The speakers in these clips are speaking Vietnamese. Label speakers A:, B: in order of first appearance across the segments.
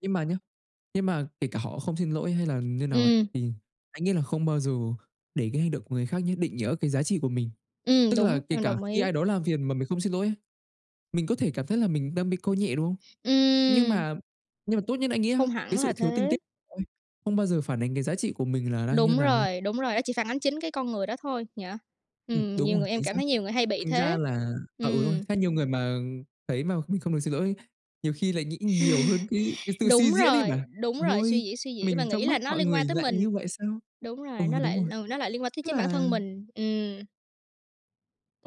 A: Nhưng mà nhá, nhưng mà kể cả họ không xin lỗi hay là như nào ấy,
B: Ừm.
A: thì anh nghĩ là không bao giờ để cái hành động của người khác nhá định nghĩa cái giá trị của mình.
B: Ừm,
A: Tức là
B: đúng,
A: kể
B: em
A: cả
B: đồng
A: khi
B: ý.
A: ai đó làm phiền mà mình không xin lỗi ấy, mình có thể cảm thấy là mình đang bị coi nhẹ, đúng không? Nhưng
B: Ừm!
A: mà nhưng mà tốt nhất anh nghĩ á,
B: Không
A: cái
B: hẳn là
A: sự thiếu tinh tế
B: thế.
A: ôi, không bao giờ phản ánh cái giá trị của mình là đang như
B: Đúng
A: nào thôi.
B: rồi, đúng rồi, nó chỉ phản ánh chính cái con người đó thôi. Dạ.
A: Ừm,
B: Ừm,
A: đúng
B: nhiều
A: rồi,
B: người em
A: chính
B: cảm
A: xác.
B: thấy nhiều người hay bị
A: Thành ra
B: thế.
A: là à, ừ, đúng rồi,
B: Ừm.
A: theo nhiều người mà thấy mà không biết, không buồn xin lỗi ấy, nhiều khi lại nghĩ nhiều hơn cái cái tự suy
B: Đúng
A: diễn ấy
B: rồi,
A: mà.
B: đúng rồi, suy
A: Ôi.
B: diễn, suy diễn và
A: Mình trong
B: nghĩ
A: mắt
B: là nó
A: mọi
B: liên
A: người
B: quan tới
A: lại
B: mình.
A: như vậy sao?
B: Đúng
A: Ừ,
B: rồi, nó
A: đúng
B: lại,
A: rồi.
B: ừ, nó lại liên quan tới
A: Tức
B: chính bản
A: là
B: thân mình. Ừm.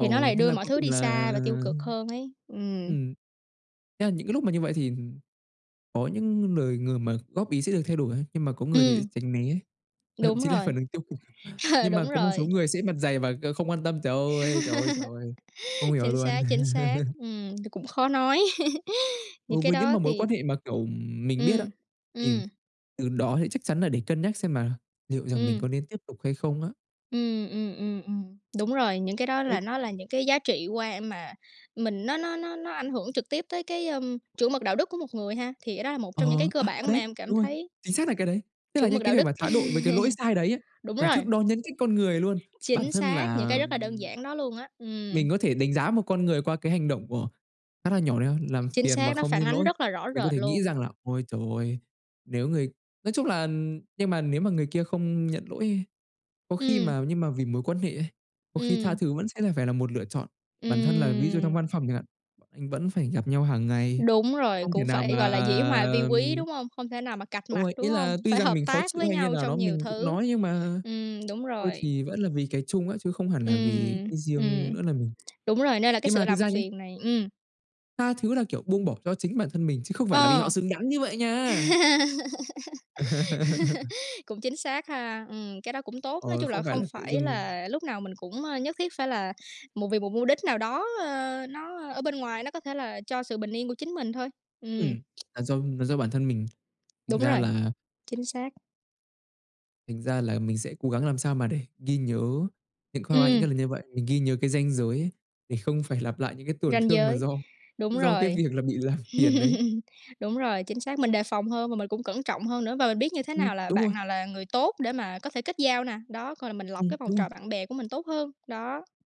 B: Thì nó lại
A: thế
B: đưa
A: là
B: mọi
A: cuối
B: thứ
A: cùng
B: đi
A: là
B: xa và tiêu cực hơn ấy. Ừm.
A: ừm. Nghĩa là những cái lúc mà như vậy thì có những lời người mà góp ý sẽ được thay đổi ấy, nhưng mà có người thì sẽ
B: Ừm.
A: tránh né, thậm
B: Đúng
A: chí là
B: rồi.
A: phản ứng tiêu cực.
B: Ờ,
A: Nhưng mà
B: đúng
A: có một
B: rồi.
A: số người sẽ mặt dày và, ờ, không quan tâm. Trời ơi, trời ơi, trời ơi! Không hiểu
B: Chính
A: luôn.
B: xác, chính xác. Ừm, thì cũng khó nói. Những
A: Đối
B: cái
A: với những
B: đó
A: mà mối quan
B: thì
A: hệ mà, kiểu, ừm, mình biết á,
B: ừm.
A: thì
B: Ừm.
A: từ đó thì chắc chắn là để cân nhắc xem là liệu rằng mình
B: Ừm.
A: có nên tiếp tục hay không á.
B: Ừm, ừm, ừm, ừm. Đúng rồi, những cái đó là
A: Đấy.
B: nó là những cái giá trị qua mà mình nó nó nó nó ảnh hưởng trực tiếp tới cái, ưm, chuẩn mực đạo đức của một người ha. Thì cái đó là một trong những cái
A: Ờ,
B: cơ
A: à, à,
B: bản mà
A: đấy.
B: em cảm
A: Đúng rồi.
B: thấy
A: Chính xác là cái đấy! Tức là
B: Chuẩn
A: những
B: mực
A: cái
B: đạo
A: điều
B: đức.
A: mà thái độ với cái lỗi sai đấy á,
B: Đúng
A: là
B: rồi.
A: thước đo nhân cách con người luôn. Bản
B: Chính
A: thân
B: xác, những
A: là,
B: cái rất là đơn
A: ừm,
B: giản đó luôn á. Ừm.
A: mình có thể đánh giá một con người qua cái hành động của khá là nhỏ đấy á, làm
B: Chính
A: phiền mà
B: xác, nó
A: không
B: phản
A: xin
B: ánh
A: lỗi.
B: rất là rõ
A: Mình có
B: rệt
A: thể nghĩ
B: luôn.
A: rằng là, ôi trời ơi, nếu người nói chung là nhưng mà nếu mà người kia không nhận lỗi ấy, có khi
B: Ừm.
A: mà nhưng mà vì mối quan hệ ấy, có khi tha
B: Ừm.
A: thứ vẫn sẽ phải là một lựa chọn. Bản thân là ví dụ trong
B: Ừm.
A: văn phòng chẳng hạn, b anh vẫn phải gặp nhau hằng ngày,
B: Đúng rồi,
A: không thể
B: cũng
A: nào
B: phải gọi
A: mà,
B: là dĩ hòa vi quý,
A: ừm
B: đúng hông? Hông thể nào mà cạch
A: Đúng
B: mặt,
A: rồi,
B: đúng
A: ý
B: hông?
A: là tuy
B: Phải
A: rằng
B: hợp
A: mình khó
B: tác
A: chịu
B: với
A: hay như
B: nhau
A: nào
B: trong
A: đó
B: nhiều
A: mình cũng
B: thứ.
A: nói, nhưng mà
B: Ừm, đúng
A: thôi
B: rồi.
A: thì vẫn là vì cái chung á, chứ không hẳn là vì
B: Ừm.
A: cái riêng
B: Ừm.
A: nữa là mình
B: Đúng rồi, nên là cái
A: Nhưng
B: sự
A: mà thực
B: làm
A: ra nhá
B: phiền này ừm.
A: tha thứ là, kiểu, buông bỏ cho chính bản thân mình, chứ không phải là vì họ
B: Ờ.
A: xứng đáng như vậy nha.
B: Cũng chính xác ha, ừm, cái đó cũng tốt, nói
A: Ờ,
B: chung là
A: không phải
B: không
A: là tự
B: phải
A: dưng.
B: là lúc nào mình cũng, ơ, nhất thiết phải là một vì một mô đích nào đó, ơ, nó, ơ, bên ngoài nó có thể là cho sự bình yên của chính mình thôi. Ừm.
A: Ừm. Là do là do bản thân mình. Thành
B: Đúng
A: ra
B: rồi.
A: là
B: Chính xác.
A: Thành ra là mình sẽ cố gắng làm sao mà để ghi nhớ những khoa qua những
B: Ừm.
A: cái lần như vậy, mình ghi nhớ cái ranh giới ấy để không phải lặp lại những cái tổn
B: Ranh
A: thương mà
B: giới.
A: do
B: Đúng
A: do cái
B: rồi.
A: việc là bị làm phiền ấy.
B: Đúng rồi, chính xác, mình đề phòng hơn và mình cũng cẩn trọng hơn nữa, và mình biết như thế
A: Ừm,
B: nào là
A: đúng rồi.
B: bạn nào là người tốt để mà có thể kết giao nè. Đó, coi là mình lọc
A: Ừm,
B: cái vòng
A: đúng
B: trò
A: rồi.
B: bạn bè của mình tốt hơn. Đó.